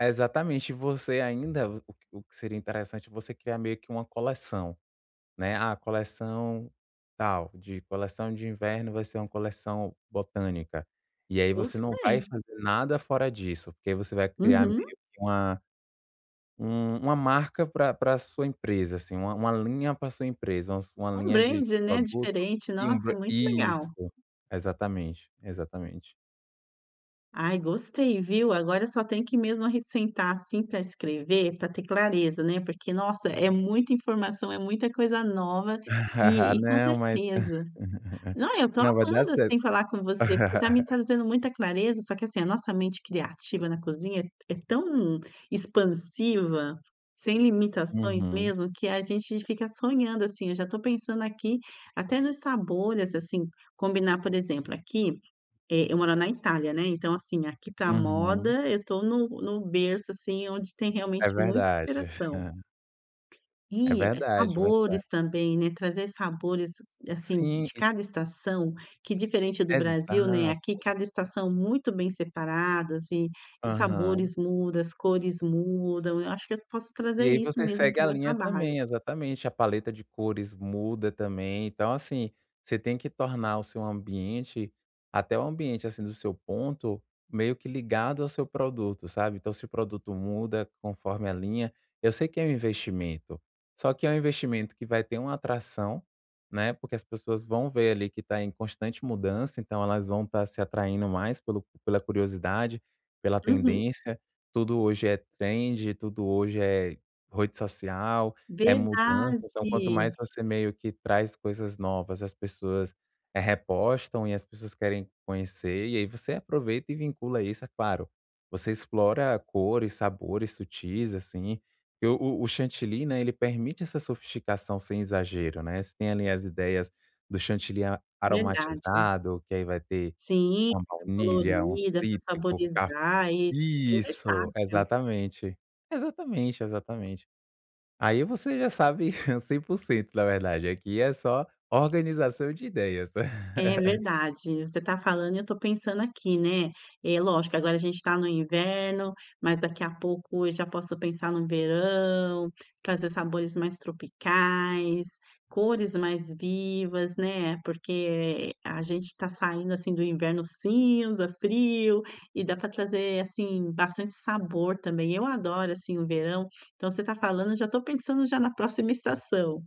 Exatamente, você ainda, o q o que seria interessante, você criar meio que uma coleção, né: "Ah, coleção tal, de coleção de inverno vai ser uma coleção botânica", e aí você não vai Gostei. fazer nada fora disso, porque aí você vai criar meio Uhum. que uma um uma marca pra pra sua empresa, assim, uma uma linha pra sua empresa, umas uma Um linha de brand, né, produto, diferente, e um nossa, bran muito legal. isso, exatamente, exatamente. Ai, gostei, viu, agora só tenho que mesmo arris sentar, assim, pra escrever, pra ter clareza, né, porque, nossa, é muita informação, é muita coisa nova, e e com Não, mas certeza não, eu tô não, vai dar amando, cer assim, falar com você, porque tá me trazendo muita clareza. Só que, assim, a nossa mente criativa na cozinha, é t é tão expansiva, sem limitações, Uhum. mesmo, que a gente fica sonhando, assim, eu já tô pensando aqui, até nos sabores, assim, combinar, por exemplo, aqui eh, eu moro na Itália, né, então, assim, aqui, para a Uhum. moda, eu tô no no berço, assim, onde tem É realmente muita verdade. inspiração. É E, verdade, verdade. sabores também, né, trazer sabores, assim, Sim, de isso cada estação, que, diferente do Brasil, né, aqui Exato. cada estação, muito bem separadas e os Aham. sabores muda, as cores mudam, eu acho que eu posso E trazer aí isso, você mesmo, segue para a o meu linha trabalho. também, exatamente, a paleta de cores muda, também. Então, assim, você tem que tornar o seu ambiente, até o ambiente assim do seu ponto, meio que ligado ao seu produto, sabe, então se o produto muda, conforme a linha eu sei que é um investimento, só que é um investimento que vai ter um atração, né, porque as pessoas vão ver ali que tá em constante mudança, então elas vão estar se atraindo mais pelo pela curiosidade, pela Uhum. tendência, tudo hoje é trend, tudo hoje é, rede social, é mudança, então quanto mais Verdade. você, meio que traz coisas novas, as pessoas repostam e as pessoas querem conhecer e aí você aproveita e vincula isso. É claro, você explora cores, sabores sutis assim, eu o o chantilly, né, ele permite essa sofisticação sem exagero, né, você tem ali as ideias do chantilly a Verdade. aromatizado que aí vai ter Sim, uma pra ficar baunilha, um colorida, pra cítrico, caf saborizar, e é bem isso, versátil. exatamente, exatamente, exatamente. Aí você já sabe 100%, na verdade, aqui é só organização de ideias. É, verdade, você tá falando e eu tô pensando aqui, né. É, lógico agora a gente tá no inverno, mas daqui a pouco eu já posso pensar no verão, trazer sabores mais tropicais, cores mais vivas, né. Porque, eh, a gente tá saindo, assim, do inverno cinza, frio e dá pra trazer, assim, bastante sabor também. Eu adoro, assim, o verão, então você tá falando, eu já tô pensando já na próxima estação.